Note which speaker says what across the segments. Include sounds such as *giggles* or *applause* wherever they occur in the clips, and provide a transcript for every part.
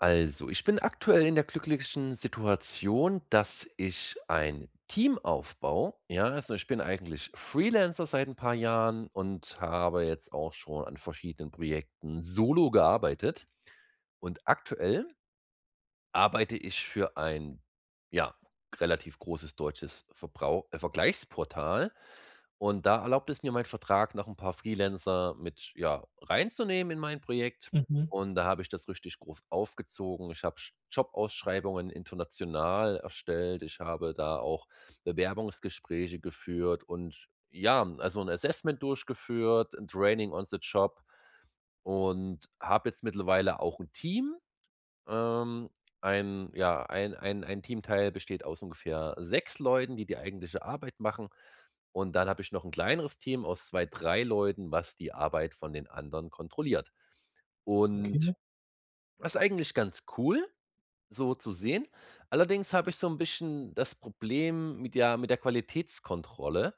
Speaker 1: Also, ich bin aktuell in der glücklichen Situation, dass ich ein Team aufbaue, ja. Also, ich bin eigentlich Freelancer seit 'n paar Jahren und habe jetzt auch schon an verschiedenen Projekten solo gearbeitet. Und aktuell arbeite ich für ein, ja, relativ großes deutsches Verbrauch äh, Vergleichsportal und da erlaubt es mir mein Vertrag, noch 'n paar Freelancer mit, ja, reinzunehmen in mein Projekt
Speaker 2: Mhm.
Speaker 1: und da habe ich das richtig groß aufgezogen. Ich hab J Jobausschreibungen international erstellt. Ich habe da auch Bewerbungsgespräche geführt und ja, also 'n Assessment durchgeführt, 'n Training on the Job und hab jetzt mittlerweile auch 'n Team, ähm, ein, ja, ein ein ein Teamteil besteht aus ungefähr 6 Leuten, die die eigentliche Arbeit machen. Und dann hab ich noch 'n kleineres Team aus 2, 3 Leuten, was die Arbeit von den anderen kontrolliert. Und
Speaker 2: Okay.
Speaker 1: das ist eigentlich ganz cool, so zu sehen. Allerdings habe ich so 'n bisschen das Problem mit, ja, mit der Qualitätskontrolle,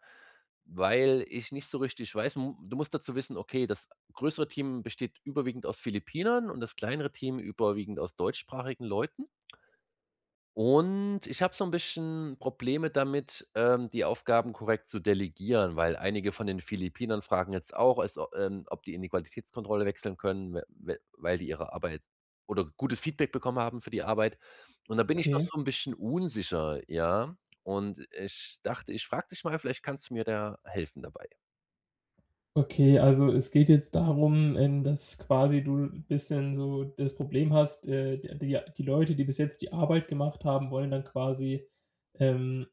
Speaker 1: weil ich nicht so richtig weiß m du musst dazu wissen, okay, das größere Team besteht überwiegend aus Philippinern und das kleinere Team überwiegend aus deutschsprachigen Leuten und ich hab so 'n bisschen Probleme damit, ähm, die Aufgaben korrekt zu delegieren, weil einige von den Philippinern fragen jetzt auch, es au es ähm, ob die in die Qualitätskontrolle wechseln können, w w weil die ihre Arbeit oder gutes Feedback bekommen haben für die Arbeit. Und da bin ich noch
Speaker 2: Okay.
Speaker 1: so 'n bisschen unsicher, ja? Und ich dachte, ich frag dich mal, vielleicht kannst du mir da helfen dabei.
Speaker 2: Okay, also es geht jetzt darum, ähm, dass quasi du bisschen so das Problem hast, äh, die die ja die Leute, die bis jetzt die Arbeit gemacht haben, wollen dann quasi, ähm,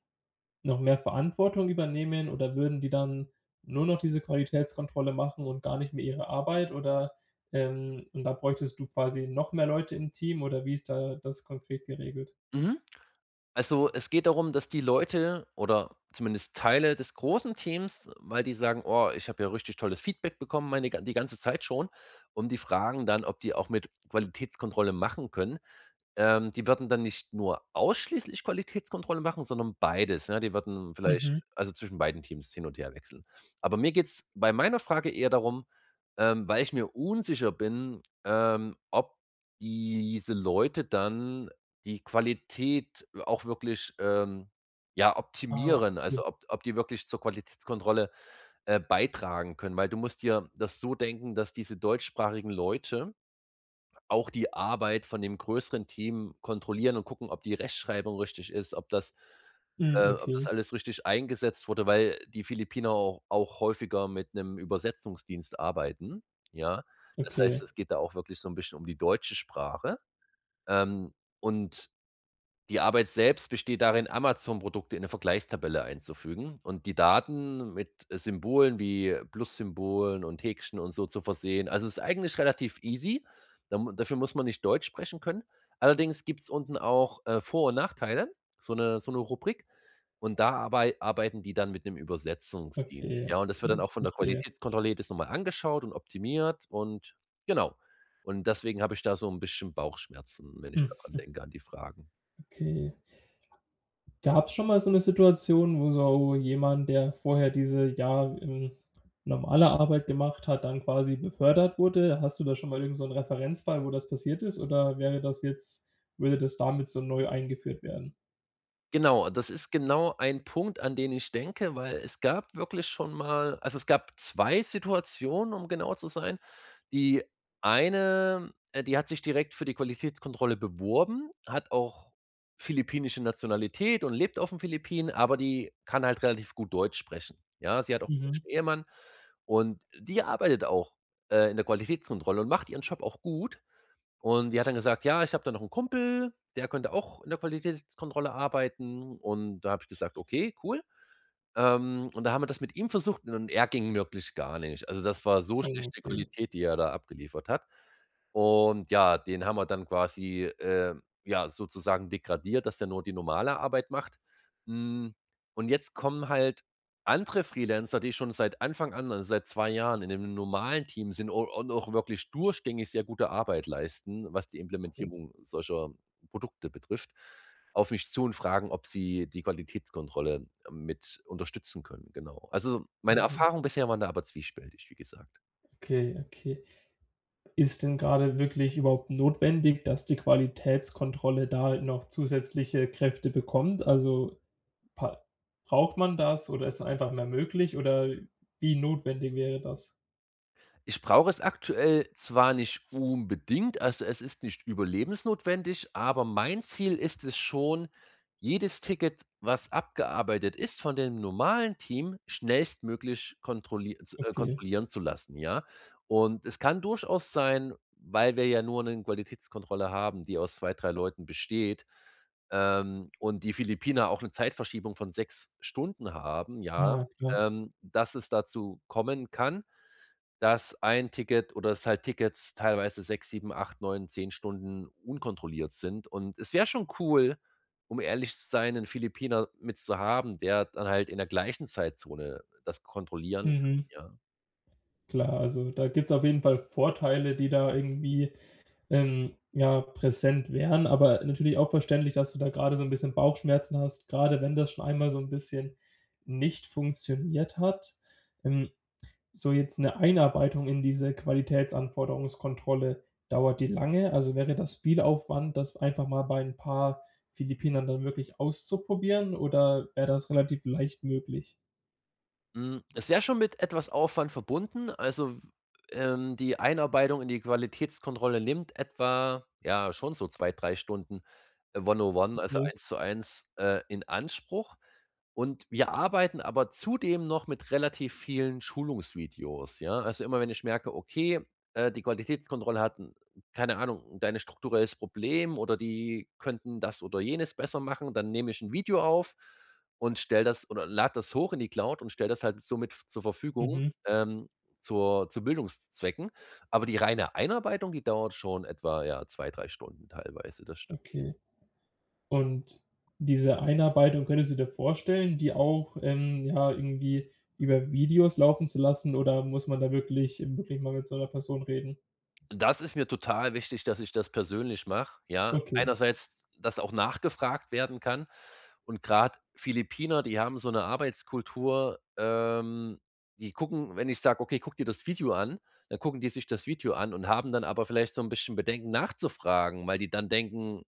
Speaker 2: noch mehr Verantwortung übernehmen oder würden die dann nur noch diese Qualitätskontrolle machen und gar nicht mehr ihre Arbeit oder, ähm und da bräuchtest du quasi noch mehr Leute im Team oder wie ist da das konkret geregelt?
Speaker 1: Mhm. Also es geht darum, dass die Leute oder zumindest Teile des großen Teams weil die sagen: „Oha, ich hab ja richtig tolles Feedback bekommen, meine die ganze Zeit schon", und die fragen dann, ob die auch mit Qualitätskontrolle machen können. Ähm, die würden dann nicht nur ausschließlich Qualitätskontrolle machen, sondern beides, ne. Die würden vielleicht
Speaker 2: Mhm.
Speaker 1: also zwischen beiden Teams hin und her wechseln. Aber mir geht's bei meiner Frage eher darum, ähm, weil ich mir unsicher bin, ähm, ob diese Leute dann die Qualität auch wirklich, ähm, ja,
Speaker 2: Ah,
Speaker 1: optimieren,
Speaker 2: g
Speaker 1: also ob ob die wirklich zur Qualitätskontrolle, äh, beitragen können, weil du musst dir das so denken, dass diese deutschsprachigen Leute auch die Arbeit von dem größeren Team kontrollieren und gucken, ob die Rechtschreibung richtig ist, ob das
Speaker 2: Mhm.
Speaker 1: äh, ob das
Speaker 2: Okay.
Speaker 1: alles richtig eingesetzt wurde, weil die Philippiner au auch häufiger mit 'nem Übersetzungsdienst arbeiten, ja? Das heißt,
Speaker 2: Okay.
Speaker 1: es geht da auch wirklich so 'n bisschen um die deutsche Sprache, ähm, und die Arbeit selbst besteht darin, Amazon-Produkte in 'ne Vergleichstabelle einzufügen und die Daten mit Symbolen wie Plus-Symbolen und Häkchen und so zu versehen. Also, es ist eigentlich relativ easy, da m dafür muss man nicht Deutsch sprechen können. Allerdings gibt's unten auch, äh, Vor und Nachteile, so 'ne so 'ne Rubrik, und da arbei arbeiten die dann mit 'nem Übersetzungsdienst.
Speaker 2: Okay,
Speaker 1: Ja, und das wird dann
Speaker 2: Okay.
Speaker 1: auch von der
Speaker 2: Verstehe.
Speaker 1: Qualitätskontrolle jedes nochmal angeschaut und optimiert und genau. Und deswegen hab ich da so 'n bisschen Bauchschmerzen, wenn ich da dran
Speaker 2: *giggles*
Speaker 1: denke, an die Fragen.
Speaker 2: Okay. Gab's schon mal so 'ne Situation, wo so wo jemand, der vorher diese, ja, ähm, normale Arbeit gemacht hat, dann quasi befördert wurde. Hast du da schon mal irgend so 'nen Referenzfall, wo das passiert ist, oder wäre das jetzt würde das damit so neu eingeführt werden?
Speaker 1: Genau, das ist genau ein Punkt, an den ich denke, weil es gab wirklich schon mal also, es gab 2 Situationen, um genau zu sein. Die eine, äh, die hat sich direkt für die Qualitätskontrolle beworben, hat auch philippinische Nationalität und lebt auf den Philippinen, aber die kann halt relativ gut Deutsch sprechen, ja? Sie hat auch 'nen
Speaker 2: Mhm.
Speaker 1: deutschen Ehemann. Und die arbeitet auch, äh, in der Qualitätskontrolle und macht ihren Job auch gut. Und die hat dann gesagt: „Ja, ich hab da noch 'n Kumpel, der könnte auch in der Qualitätskontrolle arbeiten.“ Und da hab ich gesagt: „Okay, cool.“ Ähm, und da haben wir das mit ihm versucht, und er ging wirklich gar nicht. Also, das war so
Speaker 2: Oh,
Speaker 1: schlechte
Speaker 2: okay.
Speaker 1: Qualität, die er da abgeliefert hat. Und ja, den haben wir dann quasi, äh, ja, sozusagen degradiert, dass der nur die normale Arbeit macht. Mhm, und jetzt kommen halt andere Freelancer, die schon seit Anfang an, also seit 2 Jahren in dem normalen Team sind un und auch wirklich durchgängig sehr gute Arbeit leisten, was die
Speaker 2: Okay.
Speaker 1: Implementierung solcher Produkte betrifft, auf mich zu und fragen, ob sie die Qualitätskontrolle mit unterstützen können, genau. Also, meine
Speaker 2: Mhm.
Speaker 1: Erfahrung bisher waren da aber zwiespältig, wie gesagt.
Speaker 2: Okay okay. Ist denn grade wirklich überhaupt notwendig, dass die Qualitätskontrolle da noch zusätzliche Kräfte bekommt? Also, pa braucht man das, oder ist da einfach mehr möglich, oder wie notwendig wäre das?
Speaker 1: Ich brauche es aktuell zwar nicht unbedingt, also es ist nicht überlebensnotwendig, aber mein Ziel ist es schon, jedes Ticket, was abgearbeitet ist, von dem normalen Team schnellstmöglich kontrolli
Speaker 2: Okay.
Speaker 1: z-kontrollieren zu lassen, ja. Und es kann durchaus sein, weil wir ja nur 'ne Qualitätskontrolle haben, die aus 2, 3 Leuten besteht, ähm, und die Philippiner auch 'ne Zeitverschiebung von 6 Stunden haben, ja,
Speaker 2: Ja, klar.
Speaker 1: ähm, dass es dazu kommen kann, dass ein Ticket oder, dass halt Tickets teilweise 6, 7, 8, 9, 10 Stunden unkontrolliert sind und es wär schon cool, um ehrlich zu sein, 'nen Philippiner mitzuhaben, der dann halt in der gleichen Zeitzone das kontrollieren kann,
Speaker 2: Mhm.
Speaker 1: ja.
Speaker 2: Klar, also da gibt's auf jeden Fall Vorteile, die da irgendwie ähm, ja, präsent wären. Aber natürlich auch verständlich, dass du da grade so 'n bisschen Bauchschmerzen hast, grade wenn das schon einmal so 'n bisschen nicht funktioniert hat. Ähm, so jetzt 'ne Einarbeitung in diese Qualitätsanforderungskontrolle, dauert die lange? Also, wäre das viel Aufwand, das einfach mal bei 'n paar Philippinern dann wirklich auszuprobieren oder wär das relativ leicht möglich?
Speaker 1: Mhm, es wäre schon mit etwas Aufwand verbunden. Also, w ähm, die Einarbeitung in die Qualitätskontrolle nimmt etwa ja, schon so 2, 3 Stunden one-on-one, also
Speaker 2: Okay.
Speaker 1: eins zu eins, äh, in Anspruch. Und, wir arbeiten aber zudem noch mit relativ vielen Schulungsvideos, ja? Also, immer wenn ich merke, okay, äh, die Qualitätskontrolle hat 'n keine Ahnung da ein strukturelles Problem, oder die könnten das oder jenes besser machen, dann nehme ich 'n Video auf und stelle das, oder lade das hoch in die Cloud und stelle das halt somit zur Verfügung,
Speaker 2: Mhm.
Speaker 1: ähm, zur zu Bildungszwecken. Aber die reine Einarbeitung, die dauert schon etwa, ja, 2, 3 Stunden teilweise. Das stimmt.
Speaker 2: Okay. Und, diese Einarbeitung könntest du dir vorstellen, die auch, ähm, ja, irgendwie über Videos laufen zu lassen, oder muss man da wirklich, eben wirklich mal mit so 'ner Person reden?
Speaker 1: Das ist mir total wichtig, dass ich das persönlich mach, ja.
Speaker 2: Okay.
Speaker 1: Einerseits, dass auch nachgefragt werden kann. Und grad Philippiner, die haben so 'ne Arbeitskultur, ähm, die gucken, wenn ich sag: „Okay, guck dir das Video an“, dann gucken die sich das Video an und haben dann aber vielleicht so 'n bisschen Bedenken nachzufragen, weil die dann denken,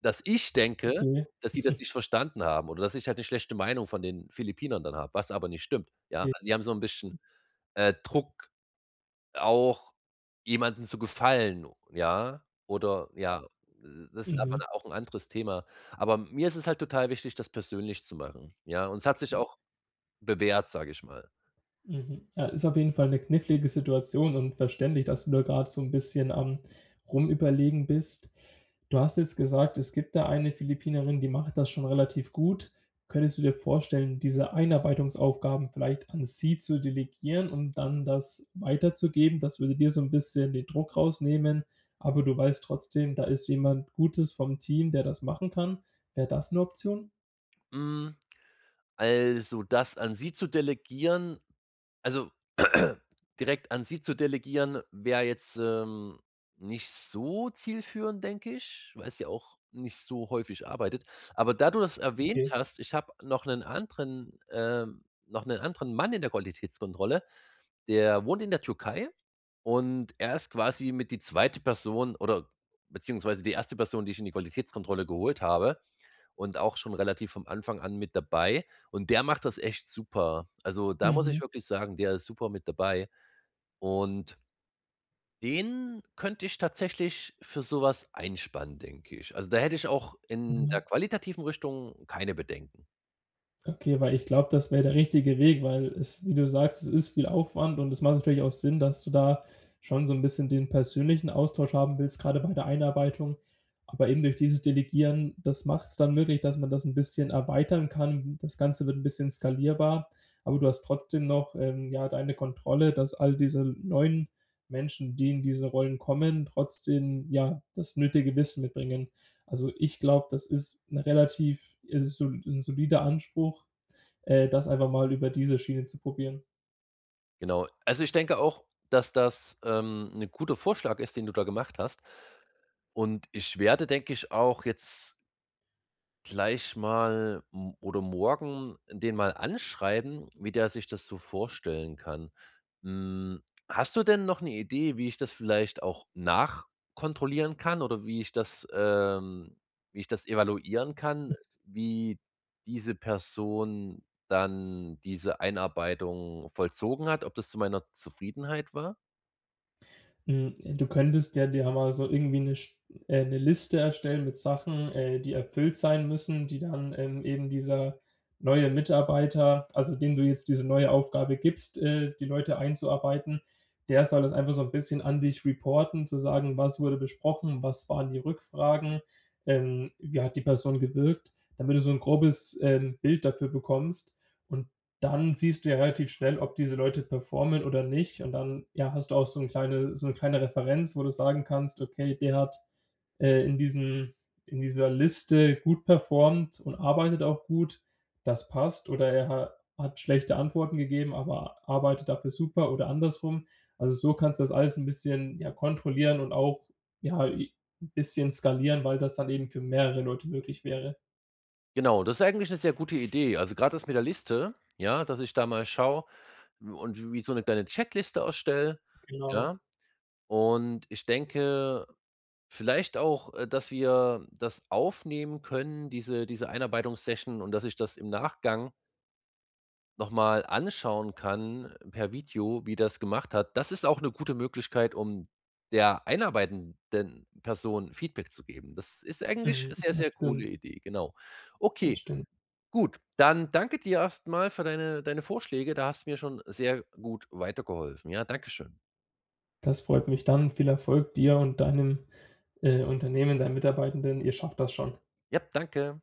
Speaker 1: dass ich denke,
Speaker 2: Okay.
Speaker 1: dass sie das
Speaker 2: *chuckles*
Speaker 1: nicht verstanden haben oder dass ich halt 'ne schlechte Meinung von den Philippinern dann hab, was aber nicht stimmt, ja?
Speaker 2: Okay.
Speaker 1: Also die haben so 'n bisschen,
Speaker 2: Mhm.
Speaker 1: äh, Druck, auch jemanden zu gefallen, ja? Oder ja, m m das ist aber
Speaker 2: Mhm.
Speaker 1: dann auch 'n anderes Thema. Aber mir ist es halt total wichtig, das persönlich zu machen, ja? Und es hat sich
Speaker 2: Okay.
Speaker 1: auch bewährt, sage ich mal.
Speaker 2: Mhm. Äh, ist auf jeden Fall 'ne knifflige Situation und verständlich, dass du da grad so 'n bisschen am Rumüberlegen bist. Du hast jetzt gesagt, es gibt da eine Philippinerin, die macht das schon relativ gut. Könntest du dir vorstellen, diese Einarbeitungsaufgaben vielleicht an sie zu delegieren und dann das weiterzugeben? Das würde dir so 'n bisschen den Druck rausnehmen, aber du weißt trotzdem, da ist jemand Gutes vom Team, der das machen kann. Wär das 'ne Option?
Speaker 1: Mhm, also, das an sie zu delegieren also *clears throat* direkt an sie zu delegieren wär jetzt, ähm, nicht so zielführend, denke ich, weil sie ja auch nicht so häufig arbeitet. Aber da du das erwähnt
Speaker 2: Okay.
Speaker 1: hast, ich hab noch 'nen anderen ähm, noch 'nen anderen Mann in der Qualitätskontrolle. Der wohnt in der Türkei und er ist quasi mit die zweite Person, oder beziehungsweise die erste Person, die ich in die Qualitätskontrolle geholt habe und auch schon relativ vom Anfang an mit dabei und der macht das echt super. Also, da muss ich
Speaker 2: Mhm.
Speaker 1: wirklich sagen, der ist super mit dabei und den könnte ich tatsächlich für so was einspannen, denke ich. Also, da hätte ich auch in der
Speaker 2: Ja.
Speaker 1: qualitativen Richtung keine Bedenken.
Speaker 2: Okay, weil ich glaub, das wär der richtige Weg, weil es wie du sagst, es ist viel Aufwand und das macht natürlich auch Sinn, dass du da schon so 'n bisschen den persönlichen Austausch haben willst, grade bei der Einarbeitung. Aber eben durch dieses Delegieren, das macht's dann möglich, dass man das 'n bisschen erweitern kann. Das Ganze wird 'n bisschen skalierbar, aber du hast trotzdem noch ähm, ja, deine Kontrolle, dass all diese neuen Menschen, die in diese Rollen kommen, trotzdem, ja, das nötige Wissen mitbringen. Also ich glaub, das ist 'ne relativ es ist sol 'n solider Anspruch, äh, das einfach mal über diese Schiene zu probieren.
Speaker 1: Genau. Also, ich denke auch, dass das ähm, 'ne gute Vorschlag ist, den du da gemacht hast und ich werde, denke ich, auch jetzt gleich mal m oder morgen den mal anschreiben, wie der sich das so vorstellen kann. Mhm, hast du denn noch 'ne Idee, wie ich das vielleicht auch nachkontrollieren kann oder wie ich das ähm wie ich das evaluieren kann, wie diese Person dann diese Einarbeitung vollzogen hat, ob das zu meiner Zufriedenheit war?
Speaker 2: Mhm, du könntest ja dir einmal so irgendwie 'ne Sch äh, 'ne Liste erstellen mit Sachen, äh, die erfüllt sein müssen, die dann ähm, eben dieser neue Mitarbeiter, also, dem du jetzt diese neue Aufgabe gibst, äh, die Leute einzuarbeiten, der soll das einfach so 'n bisschen an dich reporten, zu sagen: „Was wurde besprochen? Was waren die Rückfragen? Ähm, wie hat die Person gewirkt“? Damit du so 'n grobes ähm, Bild dafür bekommst und dann siehst du ja relativ schnell, ob diese Leute performen oder nicht und dann, ja, hast du auch so 'n kleine so 'ne kleine Referenz, wo du sagen kannst: „Okay, der hat äh, in diesem in dieser Liste gut performt und arbeitet auch gut, das passt“, oder: „Er ha hat schlechte Antworten gegeben, aber arbeitet dafür super oder andersrum“. Also so kannst du das alles 'n bisschen, ja, kontrollieren und auch, ja, I bisschen skalieren, weil das dann eben für mehrere Leute möglich wäre.
Speaker 1: Genau, das ist eigentlich 'ne sehr gute Idee. Also gerade ist mit der Liste, ja, dass ich da mal schaue und wie so 'ne kleine Checkliste erstelle,
Speaker 2: Genau.
Speaker 1: ja. Und ich denke vielleicht auch, äh dass wir das aufnehmen können, diese diese Einarbeitungs-Session und, dass ich das im Nachgang noch mal anschauen kann per Video, wie das gemacht hat. Das ist auch 'ne gute Möglichkeit, um der einarbeitenden Person Feedback zu geben. Das ist 'ne eigentlich
Speaker 2: Mhm,
Speaker 1: sehr,
Speaker 2: das
Speaker 1: sehr coole
Speaker 2: stimmt.
Speaker 1: Idee, genau.
Speaker 2: Das
Speaker 1: Okay,
Speaker 2: stimmt.
Speaker 1: gut, dann danke dir erst mal für deine deine Vorschläge. Da hast du mir schon sehr gut weitergeholfen, ja. Dankeschön.
Speaker 2: Das freut mich dann. Viel Erfolg dir und deinem, äh, Unternehmen, dein Mitarbeitenden. Ihr schafft das schon.
Speaker 1: Ja, danke.